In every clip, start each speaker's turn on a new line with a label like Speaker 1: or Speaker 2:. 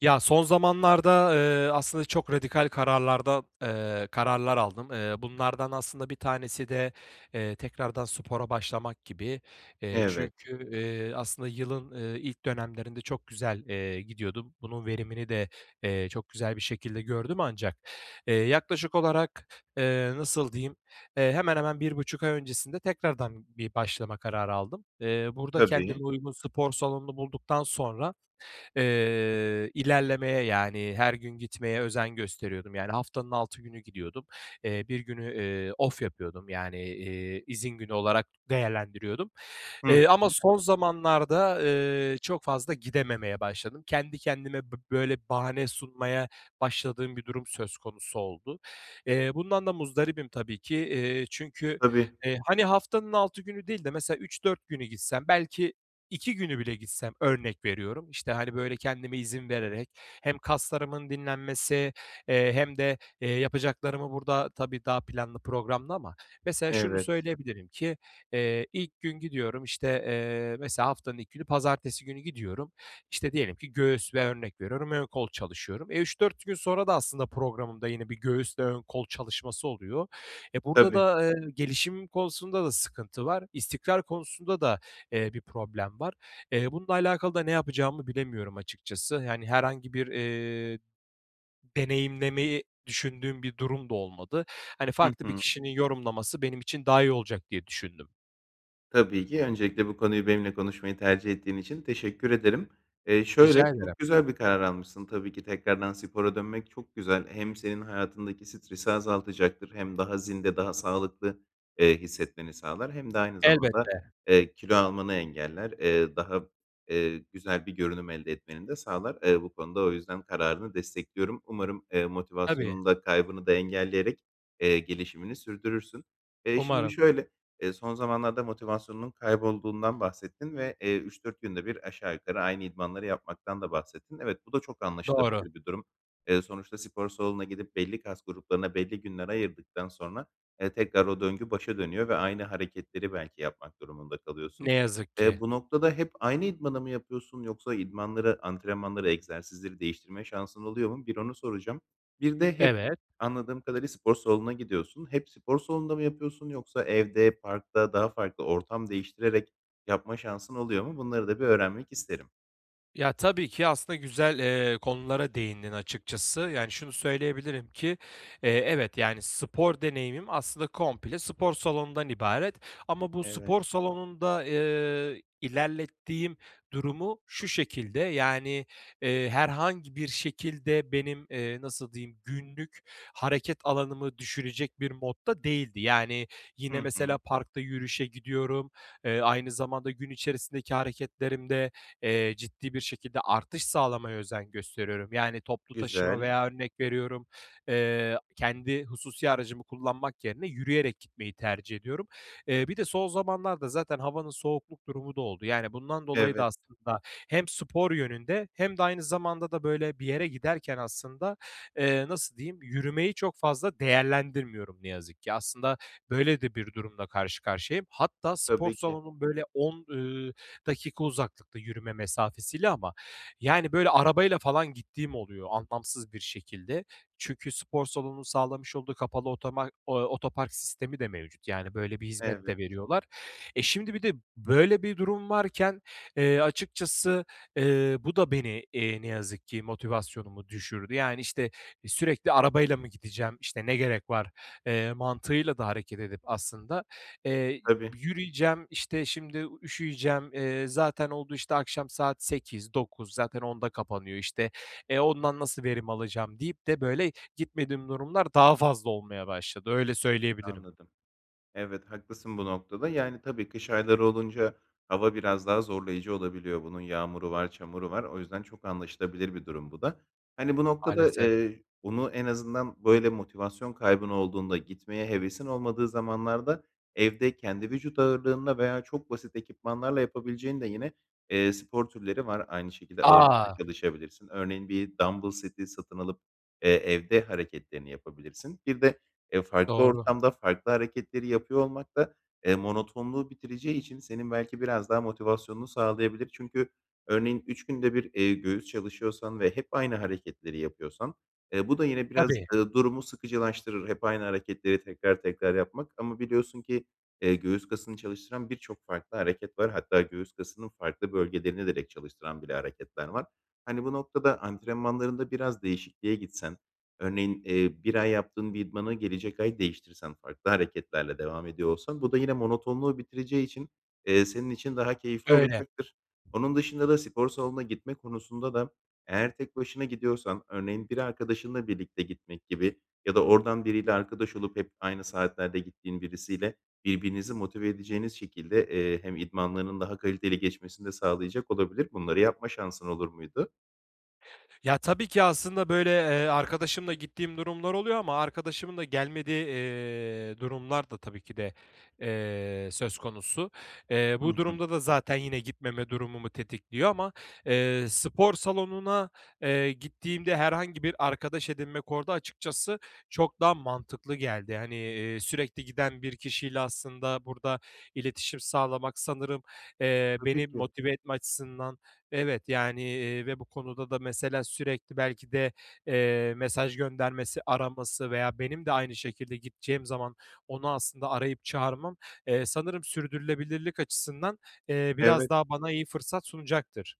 Speaker 1: Ya, son zamanlarda, eee, aslında çok radikal kararlar da eee, kararlar aldım. Eee, bunlardan aslında bir tanesi de, eee, tekrardan spora başlamak gibi. Eee,
Speaker 2: Evet.
Speaker 1: çünkü, eee, aslında yılın, ııı, ilk dönemlerinde çok güzel, eee, gidiyordum. Bunun verimini de, eee, çok güzel bir şekilde gördüm ancak, eee, yaklaşık olarak, eee, nasıl diyeyim? Eee, hemen hemen 1,5 ay öncesinde tekrardan bir başlama kararı aldım. Eee, burada kendime
Speaker 2: Tabii.
Speaker 1: uygun spor salonunu bulduktan sonra, eee, ilerlemeye, yani, her gün gitmeye özen gösteriyordum, yani, haftanın 6 günü gidiyordum. Eee, 1 günü, eee, off yapıyordum, yani, iii, izin günü olarak değerlendiriyordum.
Speaker 2: Hı
Speaker 1: Eee, ama
Speaker 2: hı.
Speaker 1: son zamanlarda, ııı, çok fazla gidememeye başladım. Kendi kendime bi böyle bahane sunmaya başladığım bir durum söz konusu oldu. Eee, bundan da muzdaribim tabii ki. İii, çünkü,
Speaker 2: Tabii.
Speaker 1: eee, hani, haftanın 6 günü değil de, mesela, 3-4 günü gitsem, belki 2 günü bile gitsem, örnek veriyorum, işte, hani, böyle, kendime izin vererek hem kaslarımın dinlenmesi, eee, hem de, eee, yapacaklarımı burada tabii, daha planlı programlı ama, mesela, şunu
Speaker 2: Evet.
Speaker 1: söyleyebilirim ki, eee, ilk gün gidiyorum, işte, eee, mesela, haftanın ilk günü, pazartesi günü gidiyorum. İşte, diyelim ki göğüs veya örnek veriyorum, ön kol çalışıyorum. E, 3-4 gün sonra da aslında programımda yine bir göğüsle ön kol çalışması oluyor. E, burada
Speaker 2: Tabii.
Speaker 1: da, eee, gelişim konusunda da sıkıntı var. İstikrar konusunda da, eee, bir problem var. Eee, bununla alakalı da ne yapacağımı bilemiyorum açıkçası. Hani, herhangi bir, eee, deneyimlemeyi düşündüğüm bir durum da olmadı. Hani,
Speaker 2: Hı
Speaker 1: farklı bir
Speaker 2: hı.
Speaker 1: kişinin yorumlaması benim için daha iyi olacak diye düşündüm.
Speaker 2: Tabii ki. Öncelikle bu konuyu benimle konuşmayı tercih ettiğin için teşekkür ederim. Eee,
Speaker 1: Rica
Speaker 2: şöyle,
Speaker 1: ederim.
Speaker 2: çok güzel bir karar almışsın. Tabii ki tekrardan spora dönmek çok güzel. Hem senin hayatındaki stresi azaltacaktır, hem daha zinde, daha sağlıklı, eee, hissetmeni sağlar hem de aynı zamanda,
Speaker 1: Elbette.
Speaker 2: eee, kilo almanı engeller. Eee, daha, eee, güzel bir görünüm elde etmeni de sağlar. Eee, bu konuda o yüzden kararını destekliyorum. Umarım, eee,
Speaker 1: Tabii.
Speaker 2: motivasyonunu da kaybını da engelleyerek, eee, gelişimini sürdürürsün. Eee, şimdi
Speaker 1: Umarım.
Speaker 2: şöyle, eee, son zamanlarda motivasyonunun kaybolduğundan bahsettin ve, eee, 3-4 günde bir aşağı yukarı aynı idmanları yapmaktan da bahsettin. Evet, bu da çok
Speaker 1: Doğru.
Speaker 2: anlaşılabilir bir durum. Eee, sonuçta spor salonuna gidip belli kas gruplarına belli günler ayırdıktan sonra, eee, tekrar o döngü başa dönüyor ve aynı hareketleri belki yapmak durumunda kalıyorsun.
Speaker 1: Ne yazık ki.
Speaker 2: Eee, bu noktada hep aynı idmanı mı yapıyorsun yoksa idmanları, antrenmanları, egzersizleri değiştirme şansın oluyor mu? Bir onu soracağım. Bir de hep
Speaker 1: Evet.
Speaker 2: -anladığım kadarıyla spor salonuna gidiyorsun. Hep spor salonunda mı yapıyorsun yoksa evde, parkta daha farklı ortam değiştirerek yapma şansın oluyor mu? Bunları da bir öğrenmek isterim.
Speaker 1: Ya, tabii ki aslında güzel, ııı, konulara değindin açıkçası. Yani, şunu söyleyebilirim ki, eee, evet, yani, spor deneyimim aslında komple spor salonundan ibaret. Ama bu
Speaker 2: Evet.
Speaker 1: spor salonunda, ııı, ilerlettiğim durumu şu şekilde, yani, ııı, herhangi bir şekilde benim, eee, nasıl diyeyim, günlük hareket alanımı düşürecek bir modda değildi. Yani,
Speaker 2: Hı
Speaker 1: yine,
Speaker 2: hı.
Speaker 1: mesela parkta yürüyüşe gidiyorum. Eee, aynı zamanda gün içerisindeki hareketlerimde, eee, ciddi bir şekilde artış sağlamaya özen gösteriyorum. Yani, toplu taşıma
Speaker 2: Güzel.
Speaker 1: veya örnek veriyorum, eee, kendi hususi aracımı kullanmak yerine yürüyerek gitmeyi tercih ediyorum. Eee, bir de son zamanlarda zaten havanın soğukluk durumu da oldu. Yani, bundan dolayı da
Speaker 2: Evet.
Speaker 1: aslında hem spor yönünde hem de aynı zamanda da, böyle, bir yere giderken aslında, eee, nasıl diyeyim, yürümeyi çok fazla değerlendirmiyorum ne yazık ki. Aslında böyle de bir durumla karşı karşıyayım. Hatta spor
Speaker 2: Tabii ki.
Speaker 1: salonum, böyle, 10, ııı, dakika uzaklıkta, yürüme mesafesiyle ama, yani, böyle, arabayla falan gittiğim oluyor, anlamsız bir şekilde. Çünkü spor salonunun sağlamış olduğu kapalı otomar ııı, otopark sistemi de mevcut. Yani, böyle bir hizmet de
Speaker 2: Evet.
Speaker 1: veriyorlar. E, şimdi bir de böyle bir durum varken, eee, açıkçası, eee, bu da beni, ııı, ne yazık ki motivasyonumu düşürdü. Yani, işte, "Sürekli arabayla mı gideceğim, işte, ne gerek var?" eee, mantığıyla da hareket edip aslında, eee,
Speaker 2: Tabii.
Speaker 1: "Yürüyeceğim, işte, şimdi u üşüyeceğim, eee, zaten oldu, işte, akşam 8-9, zaten 10'da kapanıyor, işte. E, ondan nasıl verim alacağım?" deyip de böyle gitmediğim durumlar daha fazla olmaya başladı. Öyle söyleyebilirim.
Speaker 2: Anladım. Evet, haklısın bu noktada. Yani, tabii kış ayları olunca hava biraz daha zorlayıcı olabiliyor, bunun yağmuru var, çamuru var. O yüzden çok anlaşılabilir bir durum bu da. Hani, bu noktada,
Speaker 1: Maalesef.
Speaker 2: ııı, bunu en azından, böyle motivasyon kaybın olduğunda, gitmeye hevesin olmadığı zamanlarda evde kendi vücut ağırlığınla veya çok basit ekipmanlarla yapabileceğin de yine, eee, spor türleri var aynı şekilde. Ağırlıkla
Speaker 1: A!
Speaker 2: çalışabilirsin. Örneğin, bir dambıl seti satın alıp, eee, evde hareketlerini yapabilirsin. Bir de, eee, farklı
Speaker 1: Doğru.
Speaker 2: ortamda farklı hareketleri yapıyor olmak da, eee, monotonluğu bitireceği için senin belki biraz daha motivasyonunu sağlayabilir. Çünkü örneğin, 3 günde 1, eee, göğüs çalışıyorsan ve hep aynı hareketleri yapıyorsan, ııı, bu da yine biraz,
Speaker 1: Tabii.
Speaker 2: ııı, durumu sıkıcılaştırır. Hep aynı hareketleri tekrar tekrar yapmak. Ama biliyorsun ki, eee, göğüs kasını çalıştıran birçok farklı hareket var. Hatta göğüs kasının farklı bölgelerini direkt çalıştıran bile hareketler var. Hani, bu noktada antrenmanlarında biraz değişikliğe gitsen, örneğin, eee, 1 ay yaptığın bir idmanı gelecek ay değiştirsen, farklı hareketlerle devam ediyor olsan, bu da yine monotonluğu bitireceği için, eee, senin için daha keyifli
Speaker 1: Öyle.
Speaker 2: olacaktır. Onun dışında da spor salonuna gitme konusunda da eğer tek başına gidiyorsan, örneğin, bir arkadaşınla birlikte gitmek gibi ya da oradan biriyle arkadaş olup hep aynı saatlerde gittiğin birisiyle birbirinizi motive edeceğiniz şekilde, eee, hem idmanlarının daha kaliteli geçmesini de sağlayacak olabilir, bunları yapma şansın olur muydu?
Speaker 1: Ya, tabii ki aslında, böyle, eee, arkadaşımla gittiğim durumlar oluyor ama arkadaşımın da gelmediği, eee, durumlar da tabii ki de, eee, söz konusu. Eee,
Speaker 2: Hı
Speaker 1: bu
Speaker 2: hı.
Speaker 1: durumda da zaten yine gitmeme durumumu tetikliyor ama, eee, spor salonuna, eee, gittiğimde herhangi bir arkadaş edinmek orada, açıkçası, çok daha mantıklı geldi. Hani, iii, sürekli giden bir kişiyle aslında burada iletişim sağlamak sanırım, eee, beni
Speaker 2: Tabii ki.
Speaker 1: motive etme açısından evet, yani, eee, ve bu konuda da, mesela, sürekli belki de, eee, mesaj göndermesi, araması veya benim de aynı şekilde gideceğim zaman onu aslında arayıp çağırmam, eee, sanırım sürdürülebilirlik açısından, eee, biraz
Speaker 2: Evet.
Speaker 1: daha bana iyi fırsat sunacaktır.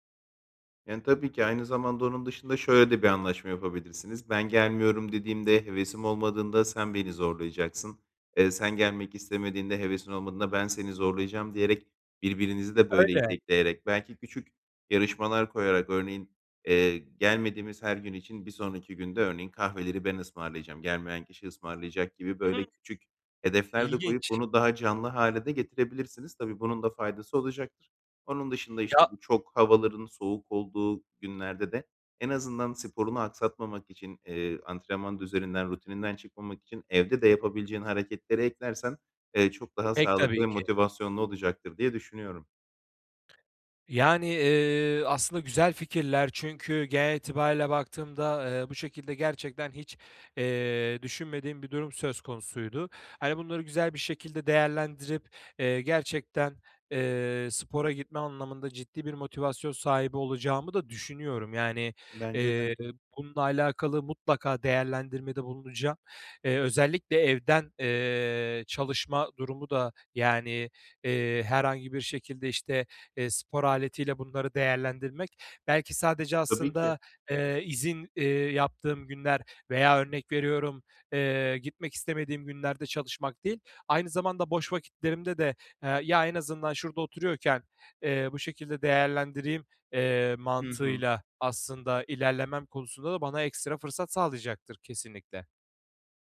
Speaker 2: Yani, tabii ki aynı zamanda onun dışında şöyle de bir anlaşma yapabilirsiniz. Ben gelmiyorum dediğimde, hevesim olmadığında sen beni zorlayacaksın. Eee, sen gelmek istemediğinde, hevesin olmadığında ben seni zorlayacağım diyerek birbirinizi de, böyle,
Speaker 1: Öyle.
Speaker 2: itekleyerek, belki küçük yarışmalar koyarak, örneğin, eee, gelmediğimiz her gün için bir sonraki gün de, örneğin, kahveleri ben ısmarlayacağım, gelmeyen kişi ısmarlayacak gibi, böyle,
Speaker 1: [unintelligible]
Speaker 2: küçük hedefler de koyup
Speaker 1: İlginç.
Speaker 2: bunu daha canlı hâle de getirebilirsiniz. Tabii, bunun da faydası olacaktır. Onun dışında, işte,
Speaker 1: Ya
Speaker 2: bu çok havaların soğuk olduğu günlerde de en azından sporunu aksatmamak için, eee, antrenman düzeninden, rutininden çıkmamak için evde de yapabileceğin hareketleri eklersen, eee, çok daha
Speaker 1: Pek
Speaker 2: sağlıklı
Speaker 1: tabii
Speaker 2: ve
Speaker 1: ki.
Speaker 2: motivasyonlu olacaktır diye düşünüyorum.
Speaker 1: Yani, iii, aslında güzel fikirler çünkü genel itibarıyla baktığımda, eee, bu şekilde gerçekten hiç, eee, düşünmediğim bir durum söz konusuydu. Hani, bunları güzel bir şekilde değerlendirip, eee, gerçekten, eee, spora gitme anlamında ciddi bir motivasyon sahibi olacağımı da düşünüyorum. Yani,
Speaker 2: Bence de.
Speaker 1: eee, bununla alakalı mutlaka değerlendirmede bulunacağım. Eee, özellikle evden, eee, çalışma durumu da, yani, eee, herhangi bir şekilde, işte, eee, spor aletiyle bunları değerlendirmek belki sadece
Speaker 2: Tabii ki.
Speaker 1: aslında, eee, izin, eee, yaptığım günler veya örnek veriyorum, eee, gitmek istemediğim günlerde çalışmak değil, aynı zamanda boş vakitlerimde de, eee, "Ya, en azından şurada oturuyorken, eee, bu şekilde değerlendireyim." eee,
Speaker 2: Hı hı.
Speaker 1: mantığıyla aslında ilerlemem konusunda da bana ekstra fırsat sağlayacaktır kesinlikle.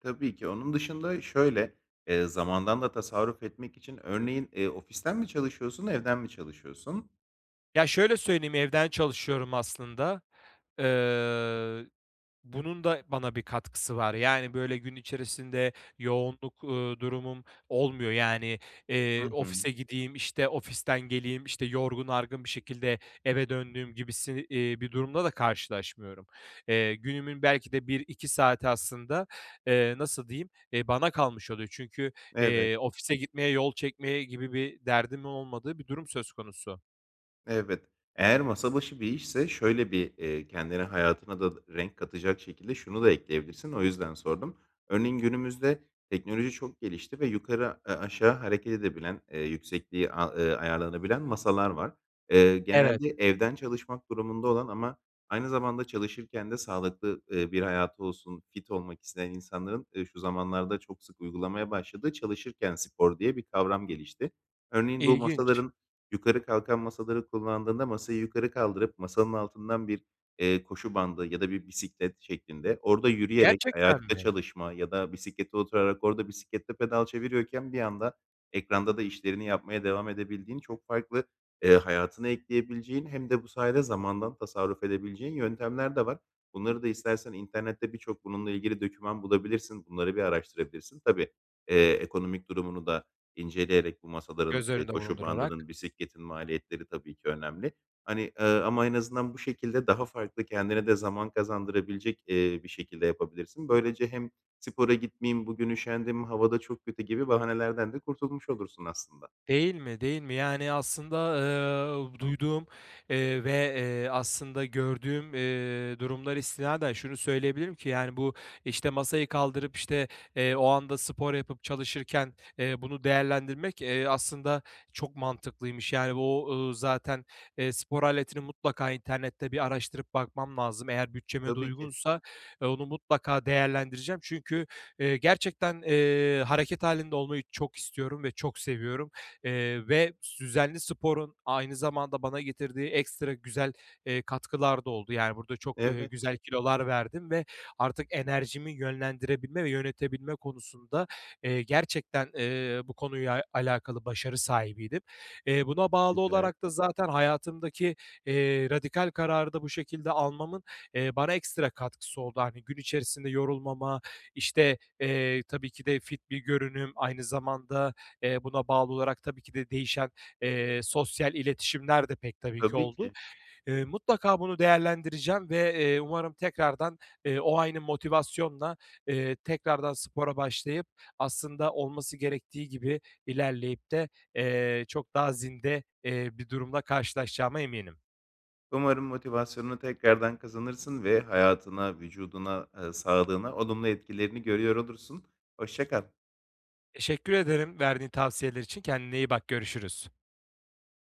Speaker 2: Tabii ki. Onun dışında şöyle, eee, zamandan da tasarruf etmek için örneğin, eee, ofisten mi çalışıyorsun, evden mi çalışıyorsun?
Speaker 1: Ya, şöyle söyleyeyim, evden çalışıyorum aslında. Eee, bunun da bana bir katkısı var. Yani, böyle, gün içerisinde yoğunluk, uuu, durumum olmuyor. Yani,
Speaker 2: Hı
Speaker 1: eee,
Speaker 2: hı.
Speaker 1: ofise gideyim, işte, ofisten geleyim, işte, yorgun argın bir şekilde eve döndüğüm gibi si iii, bir durumla da karşılaşmıyorum. Eee, günümün belki de 1-2 saati aslında, eee, nasıl diyeyim, eee, bana kalmış oluyor. Çünkü,
Speaker 2: Evet.
Speaker 1: eee, ofise gitmeye, yol çekmeye gibi bir derdimin olmadığı bir durum söz konusu.
Speaker 2: Evet. Eğer masa başı bir işse şöyle bir, eee, kendine, hayatına da renk katacak şekilde şunu da ekleyebilirsin, o yüzden sordum. Örneğin, günümüzde teknoloji çok gelişti ve yukarı a eee, aşağı hareket edebilen, eee, yüksekliği a ııı, ayarlanabilen masalar var. Eee,
Speaker 1: Evet.
Speaker 2: genelde evden çalışmak durumunda olan ama aynı zamanda çalışırken de sağlıklı, eee, bir hayatı olsun, fit olmak isteyen insanların, eee, şu zamanlarda çok sık uygulamaya başladığı çalışırken spor diye bir kavram gelişti. Örneğin, bu
Speaker 1: İlginç.
Speaker 2: masaların, yukarı kalkan masaları kullandığında, masayı yukarı kaldırıp masanın altından bir, eee, koşu bandı ya da bir bisiklet şeklinde orada yürüyerek,
Speaker 1: Gerçekten
Speaker 2: ayakta
Speaker 1: mi?
Speaker 2: çalışma ya da bisiklete oturarak orada bisikletle pedal çeviriyorken bir yanda ekranda da işlerini yapmaya devam edebildiğin çok farklı, eee, hayatına ekleyebileceğin hem de bu sayede zamandan tasarruf edebileceğin yöntemler de var. Bunları da istersen internette birçok bununla ilgili doküman bulabilirsin. Bunları bir araştırabilirsin. Tabii, eee, ekonomik durumunu da inceleyerek bu masaların,
Speaker 1: Göz
Speaker 2: eee,
Speaker 1: önünde
Speaker 2: koşu
Speaker 1: bulundurarak.
Speaker 2: bandının, bisikletin maliyetleri tabii ki önemli. Hani, eee, ama en azından bu şekilde daha farklı, kendine de zaman kazandırabilecek, eee, bir şekilde yapabilirsin. Böylece hem, "Spora gitmeyeyim, bugün üşendim, hava da çok kötü." gibi bahanelerden de kurtulmuş olursun aslında.
Speaker 1: Değil mi, değil mi? Yani, aslında, eee, duyduğum, eee, ve, eee, aslında gördüğüm, eee, durumlara istinaden şunu söyleyebilirim ki, yani, bu, işte, masayı kaldırıp, işte, eee, o anda spor yapıp çalışırken, eee, bunu değerlendirmek, eee, aslında çok mantıklıymış. Yani, o, ııı, zaten, eee, spor aletini mutlaka internette bir araştırıp bakmam lazım. Eğer bütçeme de
Speaker 2: Tabii ki.
Speaker 1: uygunsa, eee, onu mutlaka değerlendireceğim. Çünkü, eee, gerçekten, eee, hareket hâlinde olmayı çok istiyorum ve çok seviyorum, eee, ve düzenli sporun aynı zamanda bana getirdiği ekstra güzel, eee, katkılar da oldu. Yani, burada çok, ııı,
Speaker 2: Evet.
Speaker 1: güzel kilolar verdim ve artık enerjimi yönlendirebilme ve yönetebilme konusunda, eee, gerçekten, eee, bu konuya alakalı başarı sahibiydim. Eee, buna bağlı
Speaker 2: Güzel.
Speaker 1: olarak da zaten hayatımdaki, eee, radikal kararı da bu şekilde almamın, eee, bana ekstra katkısı oldu. Hani, gün içerisinde yorulmama, işte, eee, tabii ki de fit bir görünüm, aynı zamanda, eee, buna bağlı olarak tabii ki de değişen, eee, sosyal iletişimler de pek tabii ki
Speaker 2: Tabii
Speaker 1: oldu.
Speaker 2: ki.
Speaker 1: Eee, mutlaka bunu değerlendireceğim ve, eee, umarım tekrardan, eee, o aynı motivasyonla, eee, tekrardan spora başlayıp, aslında olması gerektiği gibi ilerleyip de, eee, çok daha zinde, eee, bir durumla karşılaşacağıma eminim.
Speaker 2: Umarım motivasyonunu tekrardan kazanırsın ve hayatına, vücuduna, eee, sağlığına olumlu etkilerini görüyor olursun. Hoşça kal.
Speaker 1: Teşekkür ederim, verdiğin tavsiyeler için. Kendine iyi bak, görüşürüz.